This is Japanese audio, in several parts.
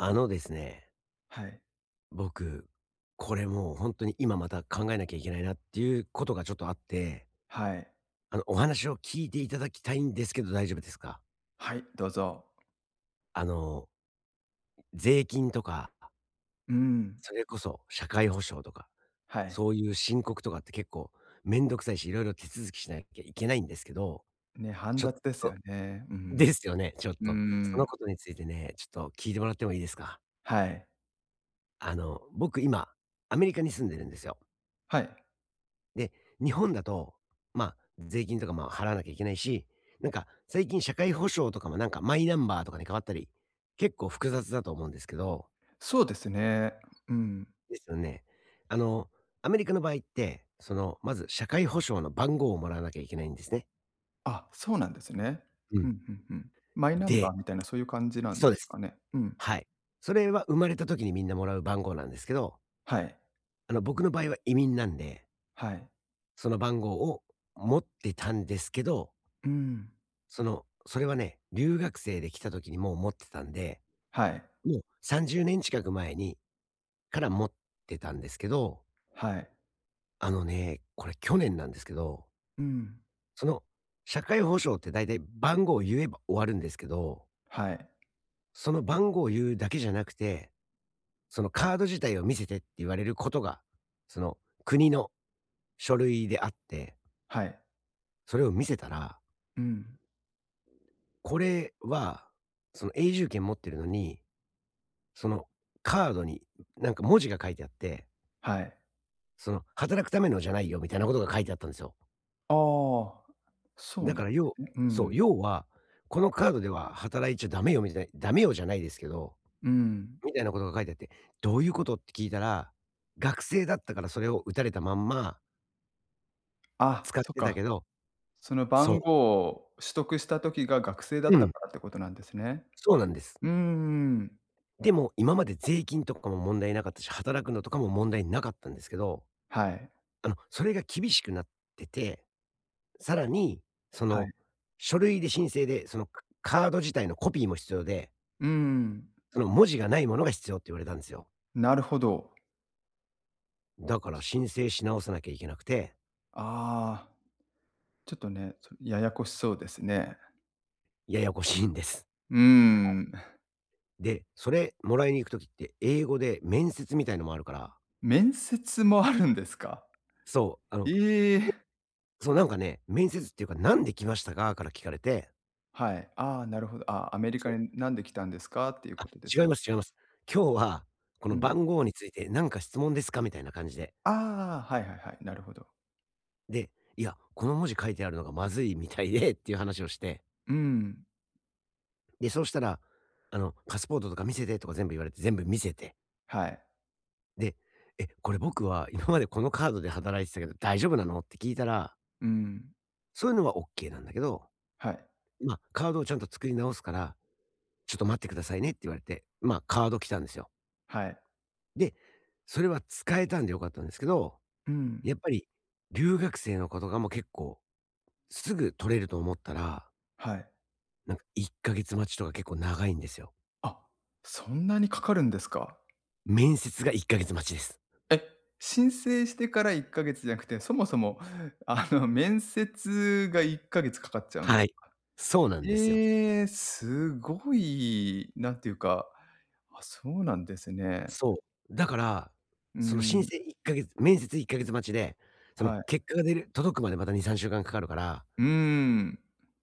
あのですね。はい。僕、これ、もう、ほんとに今また考えなきゃいけないなっていうことがちょっとあって。はい。あの、お話を聞いていただきたいんですけど大丈夫ですか？はい、どうぞ。あの税金とかうん。それこそ社会保障とか、はい。そういう申告とかって結構めんどくさいし、色々手続きしなきゃいけないんですけど。ね、煩ちょっ雑ですよとね。うでん。すよね。ちょっうーと。そのん。ことについてね、ちょっと、聞いてもらってもいいですか？はい。あの、僕、今アメリカに住んでるんですよ。はい。で、日本だと、ま、税金とかも払わなきゃいけないし、なんか、最近社会保障とかも、なんか、マイナンバーとかに変わったり、結構複雑だと思うんですけど。そうですね。うん。ですよね。あの、アメリカの場合って、その、まず社会保障の番号をもらわなきゃいけないんですね。あ、そうなんですね。ううん。ん、ふんふん。マイナンでバーみたいなそういう感じなんそうでですす。かね。うん。はい。それは生まれた時にみんなもらう番号なんですけど。はい。あの、僕の場合は移民なんで。はい。その番号を、持ってたんですけど。うーん。その、それはね、留学生で来た時にもう持ってたんで、はい。もう、30年近く前にから持ってたんですけど。はい。あのね、これ去年なんですけど。うん。その、社会保障って大体番号言えば終わるんですけどはい。その番号を言うだけじゃなくて、そのカード自体を見せてって言われることが、その、国の書類であって。はい。それを見せたらうん。これは、その、永住権持ってるのに、その、カードになんか文字が書いてあってはい。その「働くためのじゃないよ」みたいなことが書いてあったんですよ。ああ、そうだなかんらで要すねうーそう、ん。要は、このカードでは働いちゃ駄目よ [unintelligible] 駄目よじゃないですけど、うーん。みたいなことが書いてあって「どういうこと？」って聞いたら、学生だったからそれを打たれたまんまあっ、使っそってたか。けど、そのそう。番号を取得した時が学生だうったん。からってことなんですね。そうなんです。うんうん。でも、今まで税金とかも問題なかったし、働くのとかも問題なかったんですけど、はい。あの、それが厳しくなってて、更に、そはい。の、書類で申請で、その、カカード自体のコピーも必要でうーん。その文字がないものが必要って言われたんですよ。なるほど。だから、申請し直さなきゃいけなくて。ああ、ちょっとね、そややこしそうですね。ややこしいんです。うーはい。ん。で、それ、もらいに行く時って、英語で面接みたいなのもあるから。面接もあるんですか？そう、あの、ええ！そ、なんかね、面接っていうか、「なんで来ましたか？」から聞かれてはい。ああ、なるほど。ああ、「アメリそう。カに、なんで来たんですか？」っていうあっ、ことです違いか？ます、違います。「今日は、こうのん。番号についてなんか質問ですか？」みたいな感じで。ああ、はいはいはい、なるほど。で、いや、この文字書いてあるのがまずいみたいでっていう話をして。うーん。で、そうしたら、あの、パスポートとか見せてとか全部言われて、全部見せて。はい。で、「え、これ僕は今までこのカードで働いてたけど大丈夫なの？」って聞いたらうーん。そういうのはオッケーなんだけど、はい。ま、カードをちゃんと作り直すから、ちょっと待ってくださいねって言われて。まあ、カード来たんですよ。はい。で、それは使えたんで良かったんですけど、うーん。やっぱり留学生の子とかも結構、すぐ取れると思ったらはい。なんか、1か月待ちとか、結構長いんですよ。あ、そんなにかかるんですか。面接が、1か月待ちです。え！申請してから、1か月じゃなくて、そもそも、あの、面接が、1か月かかっちゃうんではすい。か。そうなんですよ。へえ、すごい。何ていうか、あ、そうなんですね。そう。だから、うーその申ん。請1かげ面接1か月待ちで、そのはい。結果が出る届くまで、また2、3週間かかるからうーん。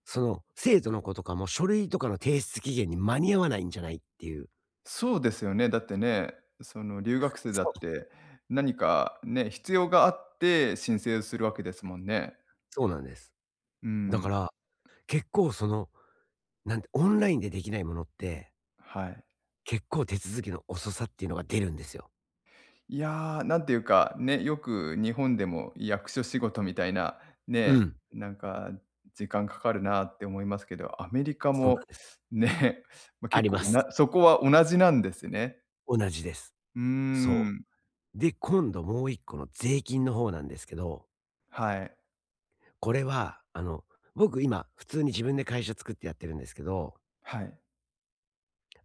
その、生徒の子とかも書類とかの提出期限に間に合わないんじゃないっていう。そうですよね、だってね、その、留学生だそっう。てなにかね、必要があって申請するわけですもんね。そうなんです。うだかん。ら、結構、その、なんで、オンラインでできないものってはい。結構手続きの遅さっていうのが出るんですよ。いや、なんていうかね、よく日本でも役所仕事みたいなうね、ん。なんか時間かかるなって思いますけど、アメリカそうなんも、です。ね、ま、あ結り構、ます。なそこは同じなんですね。同じです。うーそん。う。で、今度、もう一個の税金の方なんですけどはい。これは、あの、僕今普通に自分で会社作ってやってるんですけどはい。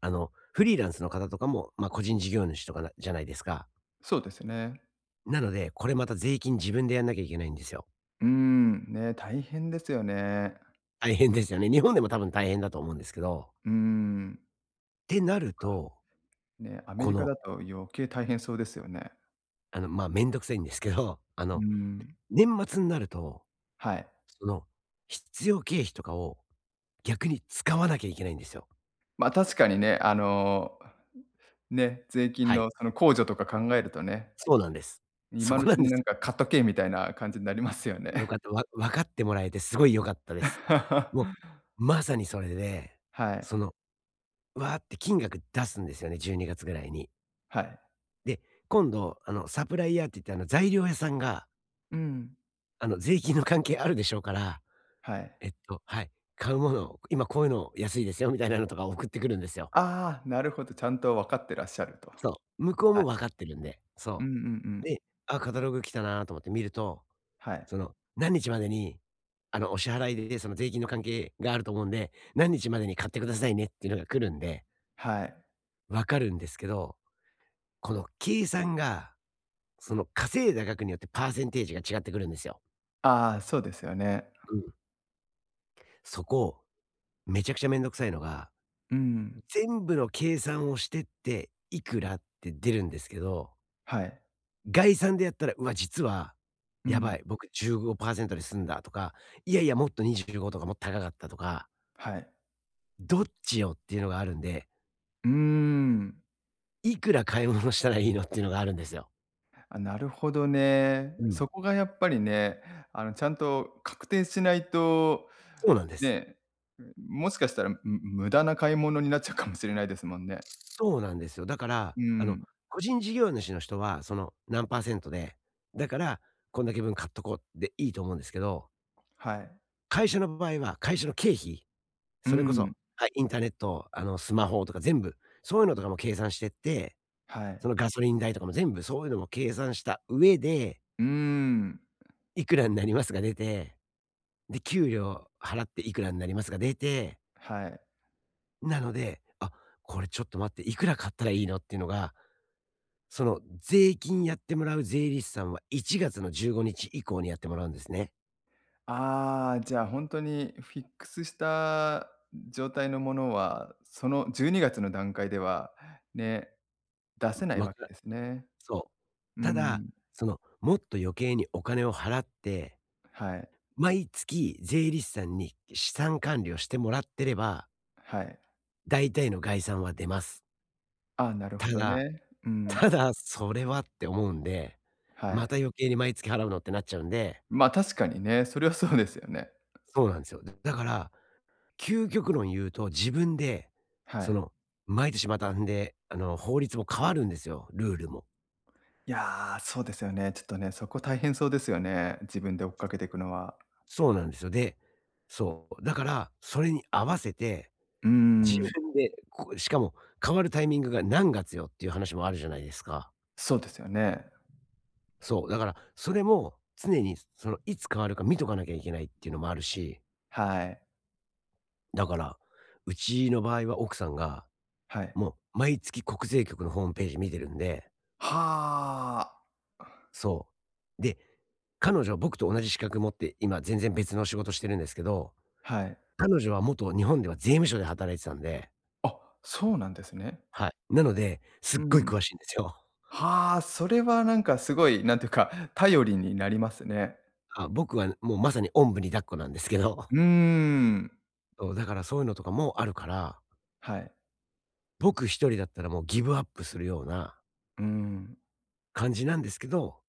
あの、フリーランスの方とかも、ま、個人事業主とか、なじゃないですか。そうですね。なので、これまた税金自分でやんなきゃいけないんですよ。うーん、ね、大変ですよね。大変ですよね。日本でも多分大変だと思うんですけど。うーん。ってなると、そっか。ね、アメこリカのだと余計大変そうですよね。あの、ま、めんどくさいんですけど、あうーの、ん。年末になると、はい。その、必要経費とかを、逆に使わなきゃいけないんですよ。ま、確かにね。あの、ね、税金はい。の、その、控除とか考えるとね。そうなんです。そ今のうこなちんでに、なす。んか、買っとけみたいな感じになりますよね。良か った、わ分かってもらえて、すごい良かったです。もう、まさにそれで、はい。その、わって金額出すんですよね、12月ぐらいに。はい。で、今度、あの、サプライヤーって言って、あの、材料屋さんがうーん。あの、税金の関係あるでしょうから、はい。えっとはい、買うもの、今、こういうの安いですよ、みたいなのとか送ってくるんですよ。ああ、なるほど、ちゃんとわかってらっしゃると。そう、向こうはい。も分かってるんで。うんそうんうう。ん。で、あ、カタログ来たなと思って見ると、はい。その、何日までに、あの、お支払いで、その、税金の関係があると思うんで、何日までに買ってくださいねってのが来るんではい。分かるんですけど、この計算が、その、稼いだ額によってパーセンテージが違ってくるんですよ。ああ、そうですよね。うん。そこ、めちゃくちゃめんどくさいのが、うん、ん。全部の計算をしてって、いくらって出るんですけどはい。概算でやったら、うわ、実はう「やん。ばい、僕15%で済んだ」とか「いやいや、もっと25」とか「もっと高かった」とかはい。どっちよ？っていうのがあるんでうーん。いくら買い物したらいいの？っていうのがあるんですよ。あ、なるほどね。うん。そこがやっぱりね、あの、ちゃんと確定しないと。そうなんです。ねえ、ん、もしかしたら、む無駄な買い物になっちゃうかもしれないですもんね。そうなんですよ。だから、うあの、ん。個人事業主の人は、その、何%で、だから、こんだけ分買っとこうでいいと思うんですけどはい。会社の場合は、会社の経費？うそれこそん。はい。インターネット、あの、スマホとか全部そういうのとかも計算してって、はい。その、ガソリン代とかも全部、そういうのも計算した上でうーん。「いくらんなります」が出て。で「給料払っていくらんなります」が出てはい。なので、「あ、これちょっと待って、いくら買ったらいいの？」っていうのが、その、税金やってもらう税理士さんは1月の15日以降にやってもらうんですね。ああ、じゃあほんとにフィックスした状態のものは、その、12月の段階では、ね、出せなん、いわわけかですね。そう。うただ、ん。その、もっと余計にお金を払って、はい。毎月、税理士さんに資産管理をしてもらってればはい。大体の概算は出ます。ああ、なるたほどだね、うん。ただ、「それは」って思うんで、は「まい。た余計に毎月払うの？」ってなっちゃうんでま、確かにね、それはそう ですよね。そうなんすよ。だだから、究極論言うと自分で、はそい。の、毎年また、んで、あの、法律も変わるんですよ、ルールも。いやあ、そうですよね。ちょっとね、そこ大変そうですよね、自分で追っかけてくのは。そうなんです。でそう、だからそれに合わせてうー自ん。分でこうしかも、「変わるタイミングが、何月よ？」っていう話もあるじゃないですか。そうですよね。そう、だからそれも常に、そその、いつ変わるか見とかなきゃいけないっていうのもあるしはい。だから、うちの場合は奥さんが、はい。もう、毎月国税局のホームページ見てるんで。はあ。そう。で、彼女は僕と同じ資格持って、今全然別の仕事してるんですけど、はい。彼女は元日本では税務署で働いてたんで。あ、そうなんですね。はい。なので、すっうごいん。詳しいんですよ。はあ、それはなんかすごい、なんていうか、頼りになりますね。あ、僕は、もうまさにおんぶに抱っこなんですけど。うん。そう、だからそういうのとかもあるからはい。僕一人だったらもうギブアップするようなうん。感じなんですけど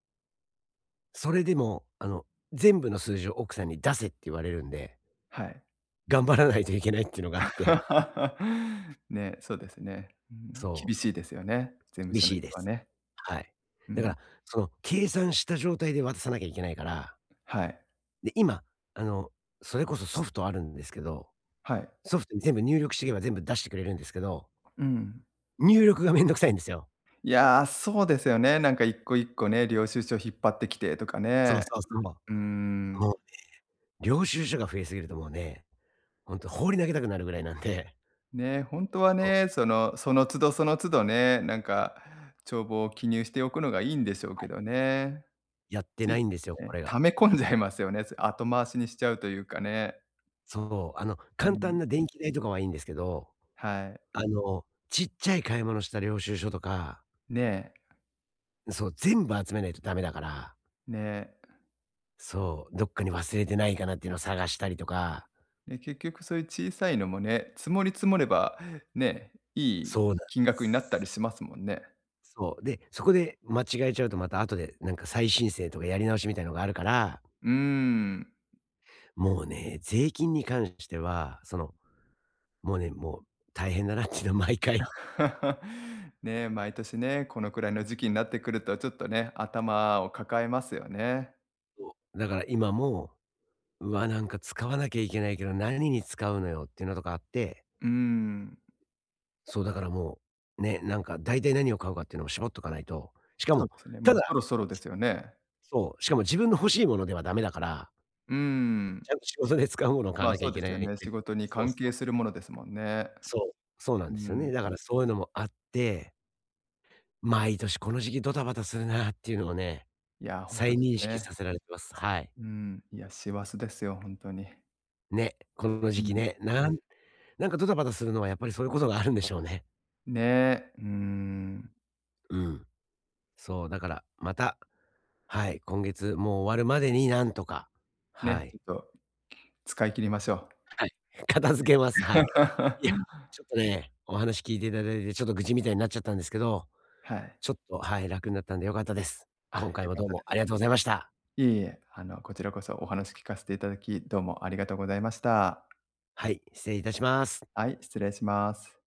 それでも、あの、全部の数字を奥さんに出せって言われるんではい。頑張らないといけないっていうのがあって。ね、そうですね。うーん。そ厳う。しいですよね、税務厳署のしいで人はす。ね。はい。うだかん。ら、その、計算した状態で渡さなきゃいけないからはい。で、今、あの、それこそソフトあるんですけど、はい。ソフトに全部入力してけば出してくれるんですけどうん。入力が面倒くさいんですよ。いや、そうですよね。なんか一個一個ね、領収書引っ張ってきて、とかそうね。そうそう。もうーうん。ね、領収書が増えすぎるともうね、ほんと放り投げたくなるぐらいなんで。ね、ほんとはそう。ね、その、その都度その都度ね、なんか、帳簿を記入しておくのがいいんでしょうはけい。どね。やってつないついんですよ、いこね、れが。溜め込ん じゃいますよね、それ後回しにしちゃうというかね。そう。あの、う簡単ん。な電気代とかはいいんですけど、はい。あの、ちっちゃい買い物した領収書とかねえ。ん、そう、全部集めないとダメだからね。そう、どっかに忘れてないかなっていうの探したりとかで、結局そういう小さいのもね、積もり積もれば、ね、いそいうなん金額になったす。りしますもんね。そう、で、そこで間違えちゃうと、また、あとでなんか再申請とかやり直しみたいのがあるからうーん。もうね、税金に関しては、その、もうね、もう、大変だなっちゅの、毎回 ね、毎年ね、このくらいの時期になってくるとちょっとね、頭を抱えますよね。そう、だから、今も、「うわ、なんか使わなきゃいけないけど、なにに使うのよ？」っていうのとかあってうーん。そう、だから、もう、ね、なんか、大体なにを買うかっていうのを絞っとかないと、しかそうもですね、たもうそだろそろですよね。そう、しかも自分の欲しいものではダメだからうーん。ちゃんと仕事で使うもの買わま、なきゃそういでけなすよい、ね。で仕事にそう関そ係う。するものですもんね。そう、そうなうんですよん。ね。だからそういうのもあって毎年この時期ドタバタするなっていうのをね、いや、ほんと再です認識ね。させられてます、はい。うん。いや師走ですよ、ほんとに。ね、こんのう時期ん。ね、なんなんかドタバタするのはやっぱりそういうことがあるんでしょうね。ね、うーん。うん。そう、だからまた、はい、今月、もう、終わるまでになんとか、はね、ちい。ょっと、使い切りましょはい、片付けます、う。はね。い。いや、ち ょっとね、お話聞いていただ、だいて、ちょっと愚痴みたいになっちゃったんですけど、はい。ちょっと、はい、楽になったんで良かったです。あ、今回良はかっどうたでもありす。がとうございました。いえいえ、あの、こちらこそお話聞かせていただき、どうもありがとうございました。はい、失礼いたします。はい、失礼します。